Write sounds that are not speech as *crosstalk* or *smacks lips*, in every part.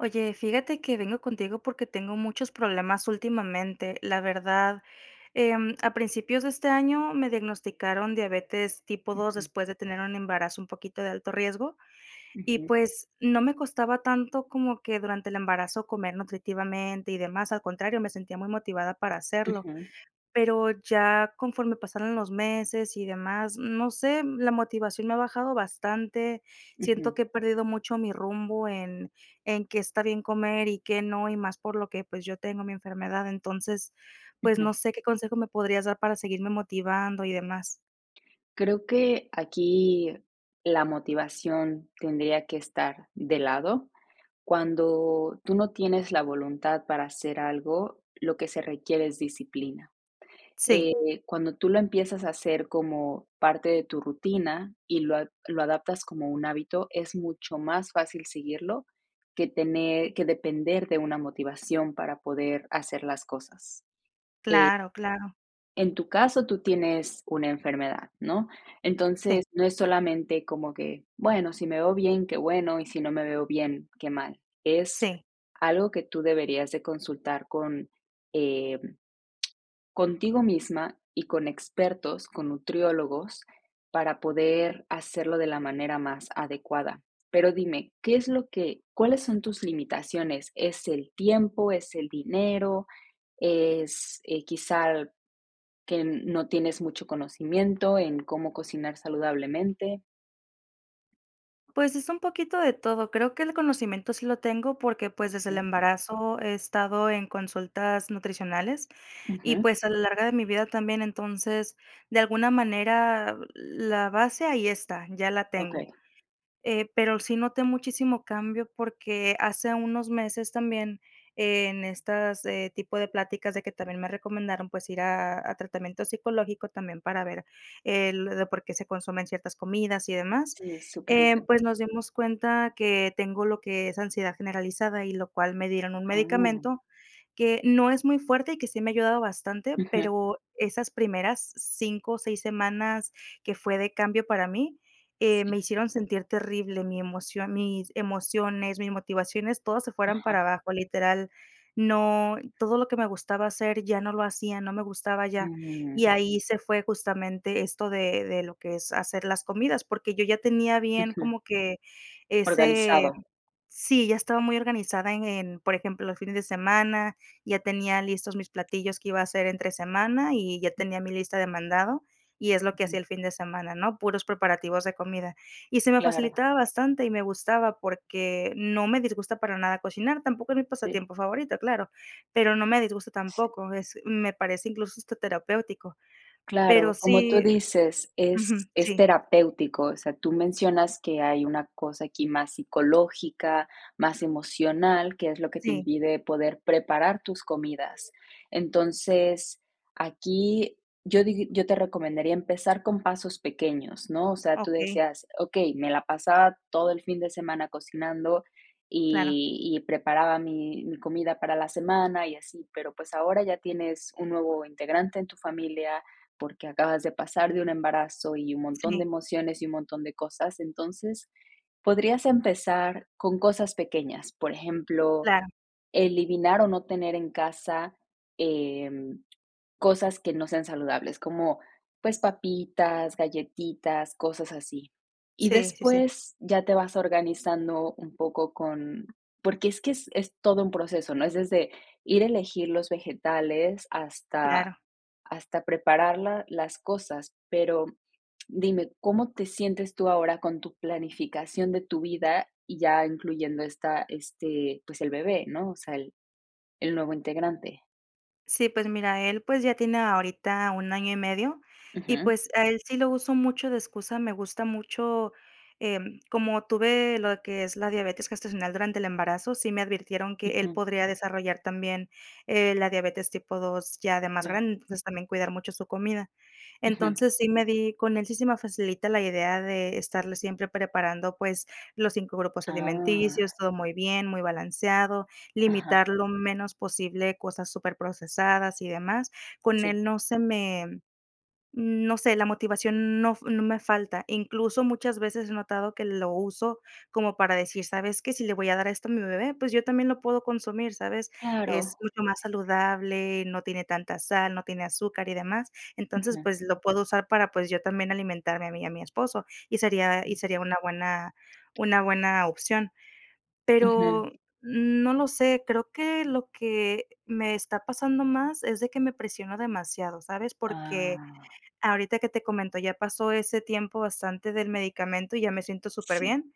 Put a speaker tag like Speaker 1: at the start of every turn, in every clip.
Speaker 1: Oye, fíjate que vengo contigo porque tengo muchos problemas últimamente. La verdad, em, a principios de este año me diagnosticaron diabetes tipo 2
Speaker 2: Ujú.
Speaker 1: después de tener un embarazo un poquito de alto riesgo y,
Speaker 2: Ujú.
Speaker 1: pues, no me costaba tanto como que durante el embarazo comer nutritivamente y demás, al contrario, me sentía muy motivada para hacerlo.
Speaker 2: Ujú.
Speaker 1: Pero ya conforme pasaron los meses y demás, no sé, la motivación me ha bajado bastante.
Speaker 2: Ujú.
Speaker 1: Siento que he perdido mucho mi rumbo en en qué está bien comer y qué no, y más por lo que, pues, yo tengo mi enfermedad. Entonces, pues, no
Speaker 2: Ujú.
Speaker 1: sé qué consejo me podrías dar para seguirme motivando y demás.
Speaker 2: Creo que aquí la motivación tendría que estar de lado. Cuando tú no tienes la voluntad para hacer algo, lo que se requiere es disciplina.
Speaker 1: Sí.
Speaker 2: Eh, cuando tú lo empiezas a hacer como parte de tu rutina y lo ad lo adaptas como un hábito, es mucho más fácil seguirlo que tener que depender de una motivación para poder hacer las cosas, eh.
Speaker 1: Claro, claro.
Speaker 2: En tu caso tú tienes una enfermedad, ¿no?
Speaker 1: Sí.
Speaker 2: Entonces, no es solamente como que: "Bueno, si me veo bien, qué bueno, y si no me veo bien, qué mal". Es
Speaker 1: Sí.
Speaker 2: algo que tú deberías de consultar con, eh, *smacks lips* contigo misma y con expertos, con nutriólogos, para poder hacerlo de la manera más adecuada. Pero dime, ¿qué es lo que cuáles son tus limitaciones? ¿Es el tiempo, es el dinero, es, eh, quizá que no tienes mucho conocimiento en cómo cocinar saludablemente?
Speaker 1: Pues es un poquito de todo. Creo que el conocimiento sí lo tengo porque, pues, desde el
Speaker 2: Ujú.
Speaker 1: embarazo he estado en consultas nutricionales y,
Speaker 2: Ujú.
Speaker 1: pues, a la larga de mi vida también, entonces, de alguna manera, la base ahí está, ya la tengo.
Speaker 2: Okey.
Speaker 1: Eh, pero sí noté muchísimo cambio, porque hace unos meses también en estas, eh, tipo de pláticas de que también me recomendaron, pues, ir a a tratamiento psicológico también para ver el de por qué se consumen ciertas comidas y demás.
Speaker 2: Sí, es súper
Speaker 1: Eh,
Speaker 2: útil.
Speaker 1: pues, nos dimos cuenta que tengo lo que es ansiedad generalizada y lo cual me dieron un
Speaker 2: Ah.
Speaker 1: medicamento que no es muy fuerte y que sí me ha ayudado bastante,
Speaker 2: Ujú.
Speaker 1: pero esas primeras 5 o 6 semanas que fue de cambio para mí, eh,
Speaker 2: Sí.
Speaker 1: me hicieron sentir terrible mi emoción, mis emociones, mis motivaciones, todas se fueran
Speaker 2: Ajá.
Speaker 1: para abajo, literal. No, todo lo que me gustaba hacer ya no lo hacía, no me gustaba ya, Y
Speaker 2: Mm.
Speaker 1: ahí se fue justamente esto de de lo que es hacer las comidas, porque yo ya tenía bien
Speaker 2: Ujú.
Speaker 1: como que ese
Speaker 2: Organizado.
Speaker 1: sí, ya estaba muy organizada en en por ejemplo, los fines de semana, ya tenía listos mis platillos que iba a hacer entre semana y ya tenía mi lista de mandado y es lo que hacía
Speaker 2: Ujú.
Speaker 1: el fin de semana, ¿no? Puros preparativos de comida. Y se me
Speaker 2: Claro.
Speaker 1: facilitaba bastante y me gustaba porque no me disgusta para nada cocinar. Tampoco es mi
Speaker 2: Sí.
Speaker 1: pasatiempo favorito, claro, pero no me disgusta
Speaker 2: Sí.
Speaker 1: tampoco. Es me parece incluso hasta terapéutico. Pero
Speaker 2: Claro, como tú
Speaker 1: sí
Speaker 2: dices,
Speaker 1: ujú,
Speaker 2: es es
Speaker 1: sí.
Speaker 2: terapéutico, o sea, tú mencionas que hay una cosa aquí más psicológica, más emocional, que es lo que te
Speaker 1: Sí.
Speaker 2: impide poder preparar tus comidas. Entonces, aquí yo dig yo te recomendaría empezar con pasos pequeños, ¿no? O sea, tú
Speaker 1: Okey.
Speaker 2: decías, okey, me la pasaba todo el fin de semana cocinando
Speaker 1: Claro.
Speaker 2: y y preparaba mi mi comida para la semana y así, pero, pues, ahora ya tienes un nuevo integrante en tu familia porque acabas de pasar de un embarazo y un montón
Speaker 1: Sí.
Speaker 2: de emociones y un montón de cosas. Entonces, podrías empezar con cosas pequeñas, por ejemplo,
Speaker 1: Claro.
Speaker 2: eliminar o no tener en casa, em, cosas que no sean saludables, como, pues, papitas, galletitas, cosas así. Y
Speaker 1: Sí, sí, sí.
Speaker 2: después ya te vas organizando un poco con porque es que es es todo un proceso, ¿no? Es desde ir elegir los vegetales hasta
Speaker 1: Claro.
Speaker 2: hasta prepararla las cosas, pero dime, ¿cómo te sientes tú ahora con tu planificación de tu vida, ya incluyendo esta este, pues el bebé, no? O sea, el el nuevo integrante.
Speaker 1: Sí, pues mira, él, pues, ya tiene ahorita un año y medio, y,
Speaker 2: Ujú.
Speaker 1: pues, a él sí lo uso mucho de excusa, me gusta mucho, em, como tuve lo que es la diabetes gestacional durante el embarazo, sí me advirtieron que él
Speaker 2: Ujú.
Speaker 1: podría desarrollar también, eh, la diabetes tipo 2 ya de más
Speaker 2: Ya.
Speaker 1: grande, entonces también cuidar mucho su comida.
Speaker 2: Ujú.
Speaker 1: Entonces, sí me di, con él sí se me facilita la idea de estarle siempre preparando, pues, los 5 grupos
Speaker 2: Ah.
Speaker 1: alimenticios, todo muy bien, muy balanceado,
Speaker 2: Ajá.
Speaker 1: limitar lo menos posible cosas super procesadas y demás. Con
Speaker 2: Sí.
Speaker 1: él no se me, no sé, la motivación no f no me falta. Incluso, muchas veces he notado que lo uso como para decir, ¿sabes qué? Si le voy a dar esto a mi bebé, pues yo también lo puedo consumir. ¿Sabes?
Speaker 2: Claro.
Speaker 1: Es mucho más saludable, no tiene tanta sal, no tiene azúcar y demás. Entonces,
Speaker 2: Ujú.
Speaker 1: pues lo puedo usar para, pues yo también alimentarme a mí y a mi esposo, y sería y
Speaker 2: Mm.
Speaker 1: sería una buena una buena opción.
Speaker 2: Ujú.
Speaker 1: Pero no lo sé, creo que lo que me está pasando más es de que me presionó demasiado, ¿sabes? Porque
Speaker 2: Ah.
Speaker 1: ahorita que te comento, ya pasó ese tiempo bastante del medicamento y ya me siento súper
Speaker 2: Sí.
Speaker 1: bien,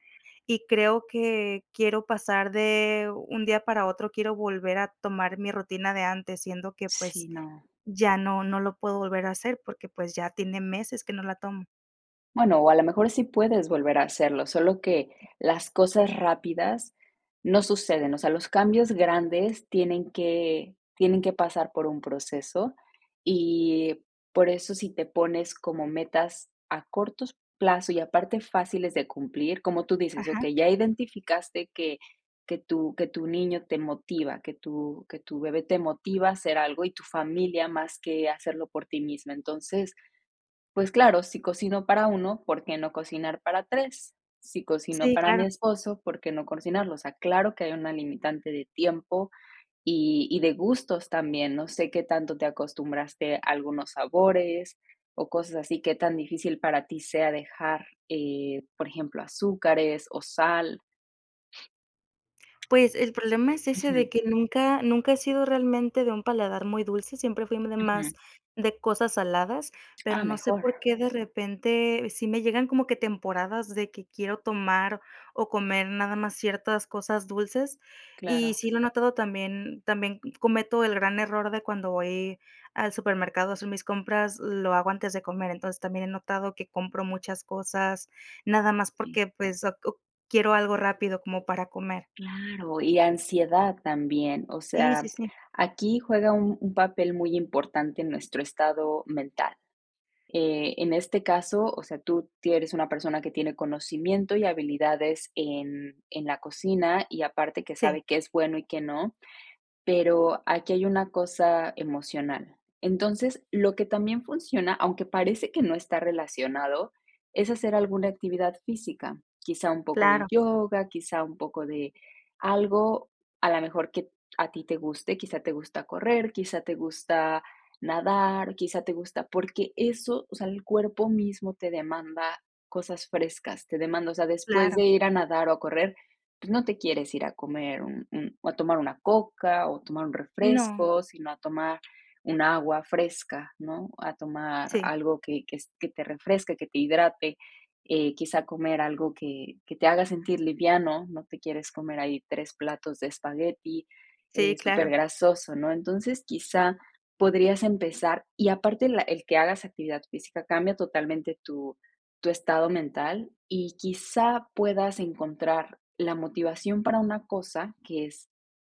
Speaker 1: y creo que quiero pasar de un día para otro, quiero volver a tomar mi rutina de antes, siendo que, pues,
Speaker 2: Sí, no.
Speaker 1: ya no no lo puedo volver a hacer porque, pues, ya tiene meses que no la tomo.
Speaker 2: Bueno, o a lo mejor sí puedes volver a hacerlo, solo que
Speaker 1: Sí.
Speaker 2: las cosas rápidas no suceden, o sea, los cambios grandes tienen que tienen que pasar por un proceso, y por eso si te pones como metas a cortos plazo y aparte fáciles de cumplir, como tú dices,
Speaker 1: Ajá.
Speaker 2: okey, ya identificaste que que tu que tu niño te motiva, que tu que tu bebé te motiva a hacer algo y tu familia más que hacerlo por ti misma. Entonces, pues claro, si cocino para 1, ¿por qué no cocinar para 3? Si cocino
Speaker 1: Sí,
Speaker 2: para mi
Speaker 1: claro.
Speaker 2: esposo, ¿por qué no cocinarlo? O sea, claro que hay una limitante de tiempo y y de gustos también, no sé qué tanto te acostumbraste a algunos sabores o cosas así, qué tan difícil para ti sea dejar, eh, por ejemplo, azúcares o sal.
Speaker 1: Pues, el problema es ese
Speaker 2: Ujú.
Speaker 1: de que nunca nunca he sido realmente de un paladar muy dulce, siempre fuimos de
Speaker 2: Ujú.
Speaker 1: más de cosas saladas, pero
Speaker 2: Ah,
Speaker 1: no sé
Speaker 2: mejor.
Speaker 1: por qué de repente sí me llegan como que temporadas de que quiero tomar o comer nada más ciertas cosas dulces, y
Speaker 2: Claro.
Speaker 1: sí lo he notado también también cometo el gran error de cuando voy al supermercado a hacer mis compras, lo hago antes de comer. Entonces, también he notado que compro muchas cosas, nada más
Speaker 2: Sí.
Speaker 1: porque, pues, oc uh quiero algo rápido como para comer.
Speaker 2: Claro, y ansiedad también. O
Speaker 1: Sí, sí,
Speaker 2: sea,
Speaker 1: sí.
Speaker 2: aquí juega un un papel muy importante en nuestro estado mental. Eh, en este caso, o sea, tú tie eres una persona que tiene conocimiento y habilidades en en la cocina y aparte que
Speaker 1: Sí.
Speaker 2: sabe qué es bueno y qué no, pero aquí hay una cosa emocional. Entonces, lo que también funciona, aunque parece que no está relacionado, es hacer alguna actividad física, quizá un poco de
Speaker 1: Claro.
Speaker 2: yoga, quizá un poco de algo a lo mejor que a ti te guste, quizá te gusta correr, quizá te gusta nadar, quizá te gusta, porque eso, o sea, el cuerpo mismo te demanda cosas frescas, te demanda, o sea, después
Speaker 1: Claro.
Speaker 2: de ir a nadar o correr, pues no te quieres ir a comer un un o a tomar una coca o tomar un
Speaker 1: No.
Speaker 2: refresco, sino a tomar un agua fresca, ¿no? A tomar
Speaker 1: Sí.
Speaker 2: algo que que s que te refresque, que te hidrate, eh, quizá comer algo que que te haga sentir liviano, no te quieres comer ahí 3 platos de espagueti,
Speaker 1: Sí,
Speaker 2: eh, super
Speaker 1: claro.
Speaker 2: grasoso, ¿no? Entonces, quizá podrías empezar y aparte la el que hagas actividad física cambia totalmente tu tu estado mental y quizá puedas encontrar la motivación para una cosa, que es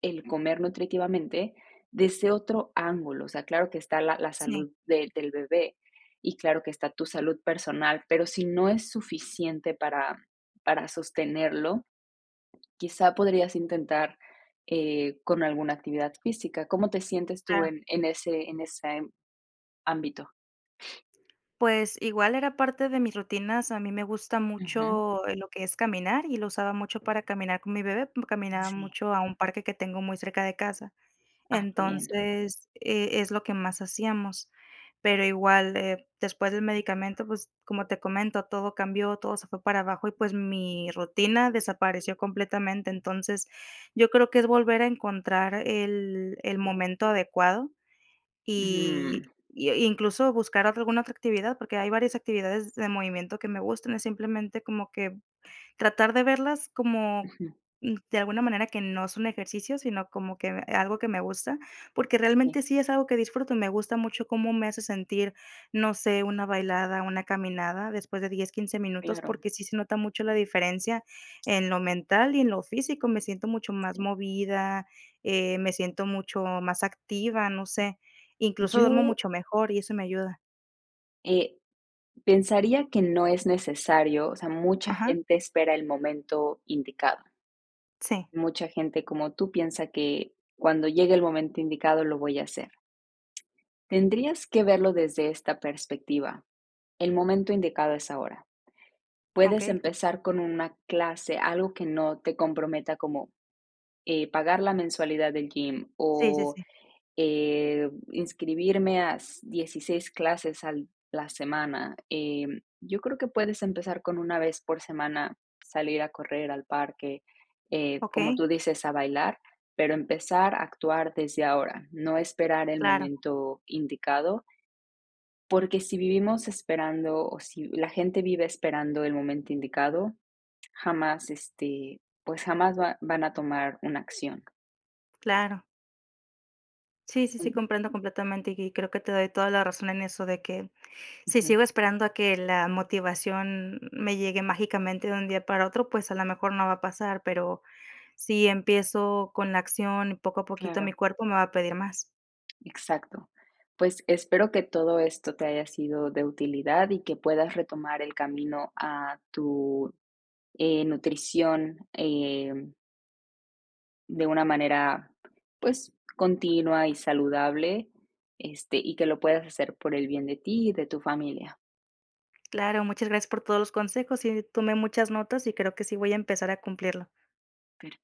Speaker 2: el comer nutritivamente, desde otro ángulo, o sea, claro que está la la
Speaker 1: Sí.
Speaker 2: salud del del bebé y claro que está tu salud personal, pero si no es suficiente para para sostenerlo, quizá podrías intentar, eh, con alguna actividad física, ¿cómo te sientes tú
Speaker 1: Claro.
Speaker 2: en en ese en esa ámbito?
Speaker 1: Pues igual era parte de mis rutinas, a mí me gusta
Speaker 2: Ujú.
Speaker 1: mucho lo que es caminar y lo usaba mucho para caminar con mi bebé, caminaba
Speaker 2: Sí.
Speaker 1: mucho a un parque que tengo muy cerca de casa.
Speaker 2: Ah, qué bien.
Speaker 1: Entonces, eh, es lo que más hacíamos. Pero igual, eh, después del medicamento, pues, como te comento, todo cambió, todo se fue para abajo y, pues, mi rutina desapareció completamente. Entonces, yo creo que es volver a encontrar el el momento adecuado
Speaker 2: Mm.
Speaker 1: y y, eh, incluso, buscar otra alguna otra actividad, porque hay varias actividades de movimiento que me gustan, es simplemente como que tratar de verlas como,
Speaker 2: Ujú.
Speaker 1: de alguna manera que no es un ejercicio, sino como que algo que me gusta, porque
Speaker 2: Sí.
Speaker 1: realmente sí es algo que disfruto y me gusta mucho cómo me hace sentir, no sé, una bailada, una caminada después de 10, 15 minutos,
Speaker 2: Claro.
Speaker 1: porque sí se nota mucho la diferencia en lo mental y en lo físico, me siento mucho más
Speaker 2: Sí.
Speaker 1: movida, eh, me siento mucho más activa, no sé, incluso duermo
Speaker 2: Yo.
Speaker 1: mucho mejor y eso me ayuda.
Speaker 2: Eh, pensaría que no es necesario, o sea, mucha
Speaker 1: Ajá.
Speaker 2: gente espera el momento indicado.
Speaker 1: Sí.
Speaker 2: Mucha gente como tú piensa que cuando llegue el momento indicado lo voy a hacer. Tendrías que verlo desde esta perspectiva, el momento indicado es ahora. Puedes
Speaker 1: Okey.
Speaker 2: empezar con una clase, algo que no te comprometa como, eh, pagar la mensualidad del gym
Speaker 1: Sí, sí,
Speaker 2: o
Speaker 1: sí.
Speaker 2: eh, inscribirme a s 16 clases a la semana, eh, yo creo que puedes empezar con una vez por semana, salir a correr al parque, eh, como
Speaker 1: Okey.
Speaker 2: tú dices, a bailar, pero empezar a actuar desde ahora, no esperar el
Speaker 1: Claro.
Speaker 2: momento indicado. Porque si vivimos esperando o si la gente vive esperando el momento indicado, jamás, este, pues jamás va van a tomar una acción.
Speaker 1: Claro. Sí, sí, sí,
Speaker 2: Mm.
Speaker 1: comprendo completamente y y creo que te doy toda la razón en eso de que si
Speaker 2: Ujú.
Speaker 1: sigo esperando a que la motivación me llegue mágicamente de un día para otro, pues, a lo mejor no va a pasar, pero si empiezo con la acción y poco a poquito mi
Speaker 2: Claro.
Speaker 1: cuerpo me va a pedir más.
Speaker 2: Exacto. Pues espero que todo esto te haya sido de utilidad y que puedas retomar el camino a tu, eh, nutrición, em. De una manera, pues, continua y saludable, este, y que lo puedas hacer por el bien de ti y de tu familia.
Speaker 1: Claro, muchas gracias por todos los consejos y, eh, tome muchas notas y creo que si voy a empezar a cumplirlo.
Speaker 2: Claro.